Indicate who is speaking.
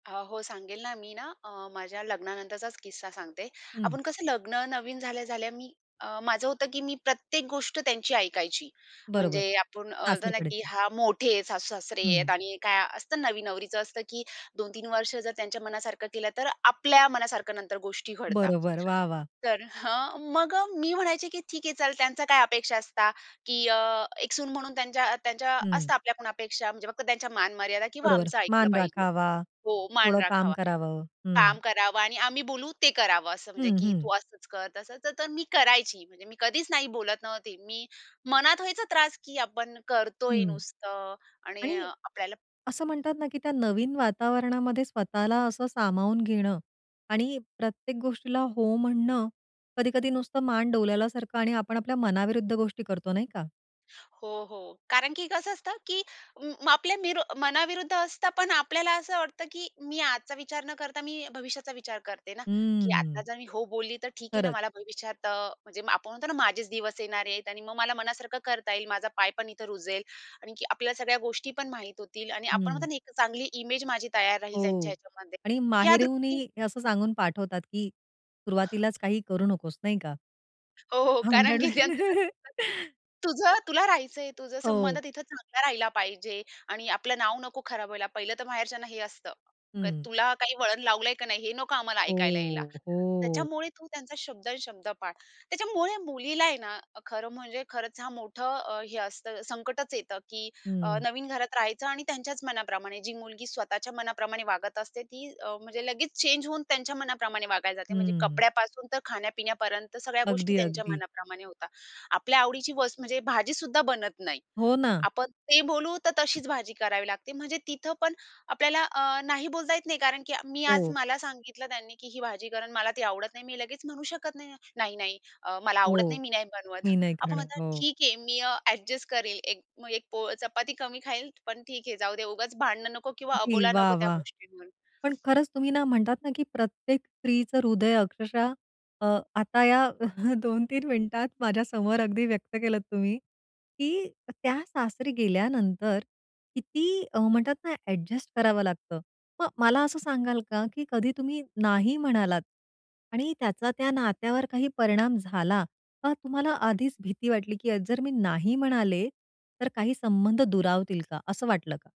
Speaker 1: अ, हो सांगेल ना. मी ना अ, माझ्या लग्नानंतरचाच किस्सा सांगते.
Speaker 2: हं.
Speaker 1: आपण कसं लग्न नवीन झाल्या-झाल्या मी अ, माझं होतं की मी प्रत्येक गोष्ट त्यांची ऐकायची. म्हणजे
Speaker 2: बरोबर.
Speaker 1: आपण बोलताना की
Speaker 2: सासरकडचे.
Speaker 1: "हां, मोठे आहेत, सासू-सासरे आहेत"
Speaker 2: हं.
Speaker 1: आणि काय असतं नवीन नवरीचं असतं की 2-3 वर्ष जर त्यांच्या मनासारखं केलं, तर आपल्या मनासारखं नंतर गोष्टी घडतात.
Speaker 2: बरोबर, वाह! वाह!
Speaker 1: तर हं मग मी म्हणायचे की "ठीक आहे चल, त्यांचा काय अपेक्षा असता की अ, एक सून म्हणून त्यांच्या त्यांच्या
Speaker 2: हं.
Speaker 1: असता आपल्या पण अपेक्षा म्हणजे फक्त त्यांच्या मान-मर्यादा किंवा
Speaker 2: बरोबर.
Speaker 1: आमचं ऐकलं
Speaker 2: मान
Speaker 1: पाहिजे."
Speaker 2: राखावा,
Speaker 1: हो, मान
Speaker 2: थोडं काम
Speaker 1: राखावा.
Speaker 2: करावं. हं.
Speaker 1: काम करावं आणि आम्ही बोलू ते करावं, असं म्हणजे
Speaker 2: हं,
Speaker 1: की तू
Speaker 2: हं.
Speaker 1: असंच कर, तसंच तर मी करायची. म्हणजे मी कधीच नाही बोलत नव्हती. मी मनात व्हायचा त्रास की आपण करतोय
Speaker 2: हं.
Speaker 1: नुसतं आणि
Speaker 2: आणि
Speaker 1: आपल्याला
Speaker 2: असं म्हणतात ना, की त्या नवीन वातावरणामध्ये स्वतःला असं सामावून घेणं आणि प्रत्येक गोष्टीला हो म्हणणं, कधी-कधी नुसतं मान डोलवल्यासारखं आणि आपण आपल्या मनाविरुद्ध गोष्टी करतो नाही का?
Speaker 1: हो, हो. कारण की कसं असतं की म आपल्या मीरो मनाविरुद्ध असतं. पण आपल्याला असं वाटतं, की मी आजचा विचार न करता मी भविष्याचा विचार करते ना, की "आता
Speaker 2: हम्म.
Speaker 1: जर मी हो बोलली तर ठीक आहे ना
Speaker 2: खरंच.
Speaker 1: मला भविष्यात" अ, म्हणजे आपण म्हणतो ना "माझेच दिवस येणारेत. आणि मग मला मनासारखं करता येईल. माझा पाय पण इथं रुजेल. आणखी आपल्याला सगळ्या गोष्टी पण माहित होतील" आणि आपण म्हणतो
Speaker 2: हं.
Speaker 1: ना, एक चांगली इमेज माझी तयार राहील त्यांच्या
Speaker 2: हो.
Speaker 1: ह्याच्यामध्ये.
Speaker 2: आणि
Speaker 1: ह्या
Speaker 2: माहेरूनही
Speaker 1: दृष्टीने
Speaker 2: हे असं सांगून पाठवतात की सुरुवातीलाच काही करू नकोस, नाही का?
Speaker 1: हो, हो, कारण
Speaker 2: भांडण
Speaker 1: की त्यांचं कसं
Speaker 2: वगैरे
Speaker 1: असतं की "तुझं तुला राहायचंय. तुझं संबंध
Speaker 2: हो.
Speaker 1: तिथं चांगला राहिला पाहिजे आणि आपलं नाव नको खराब व्हायला." पहिलं तर माहेरच्यांना हे असतं. क
Speaker 2: हं.
Speaker 1: "तुला काही वळण लावलंय की नाही, हे नको आम्हाला ऐकायला यायला.
Speaker 2: हो, हो.
Speaker 1: त्याच्यामुळे तू त्यांचा शब्द न शब्द पाळ." त्याच्यामुळे मुलीला आहे ना, खरं म्हणजे खरंच हा मोठं हे असतं, संकटच येतं की अ,
Speaker 2: हं.
Speaker 1: नवीन घरात राहायचं आणि त्यांच्याच मनाप्रमाणे. जी मुलगी स्वतःच्या मनाप्रमाणे वागत असते ती अ, म्हणजे लगेच चेंज होऊन त्यांच्या मनाप्रमाणे वागायला जाते, म्हणजे
Speaker 2: हम्म.
Speaker 1: कपड्यापासून तर खाण्या-पिण्यापर्यंत सगळ्या गोष्टी
Speaker 2: अगदी,
Speaker 1: त्यांच्या
Speaker 2: अगदी.
Speaker 1: मनाप्रमाणे होतात. आपल्या आवडीची वस्त म्हणजे भाजीसुद्धा बनत नाही.
Speaker 2: हो ना.
Speaker 1: आपण ते बोलू तर तशीच भाजी करावी लागते म्हणजे तिथं पण आपल्याला अ, "नाही" बोलता येत नाही कारण की मी आज
Speaker 2: हो.
Speaker 1: मला सांगितलं त्यांनी की ही भाजी कर अन मला ती आवडत नाही. मी लगेच म्हणू शकत नाही, "नाही, नाही, अ, मला
Speaker 2: हो.
Speaker 1: आवडत नाही, मी नाही बनवत."
Speaker 2: मी नाही
Speaker 1: आपण
Speaker 2: खाणार.
Speaker 1: म्हणतात,
Speaker 2: हो.
Speaker 1: "ठीक आहे, मी अ, एडजस्ट करेल. एक मग एक पोळ चपाती कमी खाईल. पण ठीक आहे, जाऊ दे, उगाच भांडणं नको किंवा
Speaker 2: किती
Speaker 1: अबोला नको
Speaker 2: वाह!
Speaker 1: त्या
Speaker 2: वाह!
Speaker 1: गोष्टींवरून."
Speaker 2: पण खरंच तुम्ही ना, म्हणतात ना की प्रत्येक स्त्रीचं हृदय अक्षरशः अ, आता या 2-3 मिनिटात माझ्या समोर अगदी व्यक्त केलत तुम्ही की त्या सासरी गेल्यानंतर किती अ, म्हणतात ना, एडजस्ट करावं लागतं. मग मला असं सांगाल का, की कधी तुम्ही नाही म्हणालात आणि त्याचा त्या नात्यावर काही परिणाम झाला? का तुम्हाला आधीच भीती वाटली की अ जर मी नाही म्हणाले तर काही संबंध दुरावतील का? असं वाटलं का?